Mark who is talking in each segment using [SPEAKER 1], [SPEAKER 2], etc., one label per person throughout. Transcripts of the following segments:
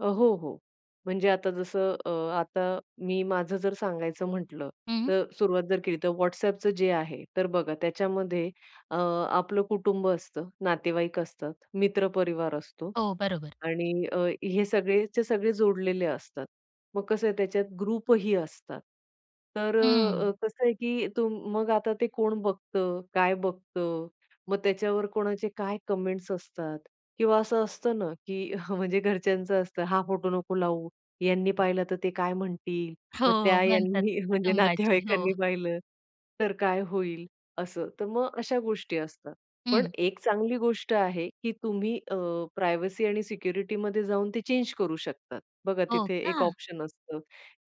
[SPEAKER 1] अ, हो, हो. म्हणजे आता जसं अ, आता मी माझं जर सांगायचं म्हटलं
[SPEAKER 2] हं.
[SPEAKER 1] तर सुरुवात जर केली तर WhatsAppचं जे आहे तर बघा त्याच्यामध्ये अ, आपलं कुटुंब असतं, नातेवाईक असतात, मित्र परिवार असतो
[SPEAKER 2] हो, बरोबर.
[SPEAKER 1] आणि अ, हे सगळेच्या सगळे जोडलेले असतात. मग कसं आहे त्याच्यात ग्रुपही असतात. तर
[SPEAKER 2] हं.
[SPEAKER 1] अ, कसं आहे की तुम मग आता ते कोण बघतं, काय बघतं, मग त्याच्यावर कोणाचे काय कमेंट्स असतात किंवा असं असतं ना, की म्हणजे घरच्यांचं असतं "हा फोटो नको लावू यांनी पाहिलं तर ते काय म्हणतील, मग त्या
[SPEAKER 2] हो, म्हणतात
[SPEAKER 1] ह्यांनी म्हणजे
[SPEAKER 2] कुटुंबाचे, हो.
[SPEAKER 1] नातेवाईकांनी पाहिलं, तर काय होईल?" असं. तर मग अशा गोष्टी असतात. पण
[SPEAKER 2] हं.
[SPEAKER 1] एक चांगली गोष्ट आहे की तुम्ही अ, प्रायव्हसी आणि सिक्युरिटी मध्ये जाऊन ते चेंज करू शकतात. बघा
[SPEAKER 2] हो
[SPEAKER 1] तिथे एक
[SPEAKER 2] का?
[SPEAKER 1] ऑप्शन असतं,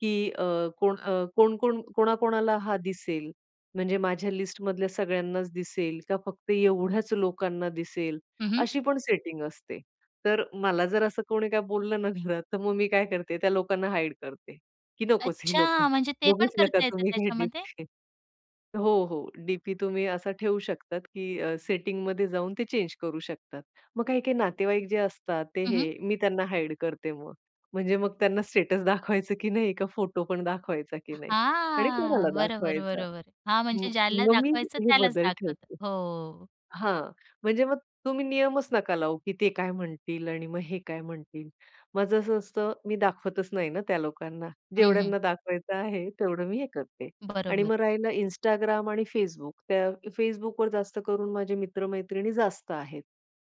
[SPEAKER 1] की अ, कोण अ, कोण कोण कोणा कोणाला हा दिसेल? म्हणजे माझ्या लिस्ट मधल्या सगळ्यांनाच दिसेल, का फक्त एवढ्याच लोकांना दिसेल
[SPEAKER 2] हं, हं.
[SPEAKER 1] अशी पण सेटिंग असते. तर मला जर असं कोणी काही बोललं ना घरात, तर मग मी काय करते त्या लोकांना हाईड करते, की नकोच हे लोकं.
[SPEAKER 2] अच्छा. म्हणजे ते पण
[SPEAKER 1] बघूच नका
[SPEAKER 2] करता येतं
[SPEAKER 1] तुम्ही [unintelligible]
[SPEAKER 2] त्याच्यामध्ये?
[SPEAKER 1] हो, हो. डी-पी तुम्ही असा ठेवू शकतात, की अ, सेटिंग मध्ये जाऊन ते चेंज करू शकतात. मग काही-काही नातेवाईक जे असतात ते
[SPEAKER 2] हं,
[SPEAKER 1] हे
[SPEAKER 2] हं.
[SPEAKER 1] मी त्यांना हाईड करते मग म्हणजे मग त्यांना स्टेटस दाखवायचं की नाही, का फोटो पण दाखवायचा की नाही. आणि कोणाला
[SPEAKER 2] हां. बरोबर,
[SPEAKER 1] दाखवायचा,
[SPEAKER 2] बरोबर. हां
[SPEAKER 1] म
[SPEAKER 2] म्हणजे ज्याला
[SPEAKER 1] मग मी
[SPEAKER 2] दाखवायचं
[SPEAKER 1] हे
[SPEAKER 2] त्यालाच
[SPEAKER 1] बदल
[SPEAKER 2] दाखवतं.
[SPEAKER 1] ठेवते.
[SPEAKER 2] हो.
[SPEAKER 1] हां, म्हणजे मग तुम्ही नियमच नका लावू, की ते काय म्हणतील आणि मग हे काय म्हणतील, माझं असं असतं मी दाखवतच नाही ना त्या लोकांना.
[SPEAKER 2] हं, हं.
[SPEAKER 1] जेवढ्यांना दाखवायचं आहे तेवढं मी हे करते आणि
[SPEAKER 2] बरोबर.
[SPEAKER 1] मग राहिलं Instagram आणि Facebook. त्या Facebookवर जास्त करून माझे मित्र-मैत्रिणी जास्त आहेत.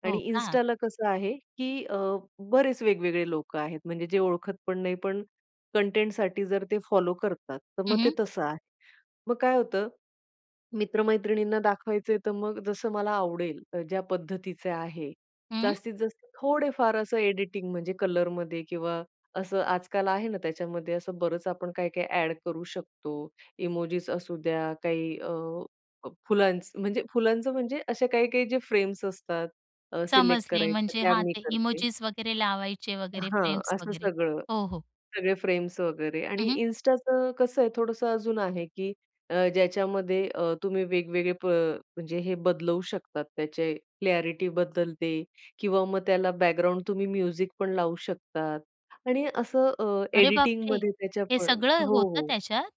[SPEAKER 1] आणि
[SPEAKER 2] हो का.
[SPEAKER 1] Instaला कसं आहे की अ, बरेच वेगवेगळे लोकं आहेत. म्हणजे जे ओळखत पण नाही पण कंटेंटसाठी जर ते फॉलो करतात, तर
[SPEAKER 2] हं,
[SPEAKER 1] मग ते
[SPEAKER 2] हं.
[SPEAKER 1] तसं आहे. मग काय होतं, मित्र-मैत्रिणींना दाखवायचंय तर मग जसं मला आवडेल ज्या पद्धतीचे आहे
[SPEAKER 2] हं.
[SPEAKER 1] जास्तीत जास्त थोडे-फार असं एडिटिंग म्हणजे कलर मध्ये किंवा असं आजकाल आहे ना, त्याच्यामध्ये असं बरंच आपण काय-काय ॲड करू शकतो. इमोजिस असू द्या, काही अ, फ फुलांचं म्हणजे फुलांचं म्हणजे असे काही काही जे फ्रेम्स असतात सिलेक्ट
[SPEAKER 2] समजले
[SPEAKER 1] करायच्या
[SPEAKER 2] म्हणजे
[SPEAKER 1] त्या
[SPEAKER 2] हां,
[SPEAKER 1] मी
[SPEAKER 2] ते
[SPEAKER 1] करते.
[SPEAKER 2] इमोजिस वगैरे लावायचे वगैरे,
[SPEAKER 1] हां,
[SPEAKER 2] फ्रेम्स
[SPEAKER 1] असं
[SPEAKER 2] वगैरे.
[SPEAKER 1] सगळं,
[SPEAKER 2] हो, हो.
[SPEAKER 1] सगळे फ्रेम्स वगैरे.
[SPEAKER 2] हं,
[SPEAKER 1] आणि
[SPEAKER 2] हं.
[SPEAKER 1] Instaचं कसं आहे थोडंसं अजून आहे की अ, ज्याच्यामध्ये अ, तुम्ही वेगवेगळे प म्हणजे हे बदलवू शकतात त्याचे क्लॅरिटी बदलते किंवा मग त्याला बॅकग्राऊंड तुम्ही म्युझिक पण लावू शकतात आणि असं अ,
[SPEAKER 2] अरे
[SPEAKER 1] एडिटिंग
[SPEAKER 2] बापरे!
[SPEAKER 1] मध्ये त्याच्या
[SPEAKER 2] हे
[SPEAKER 1] पण
[SPEAKER 2] सगळं
[SPEAKER 1] हो,
[SPEAKER 2] होतं
[SPEAKER 1] हो.
[SPEAKER 2] त्याच्यात?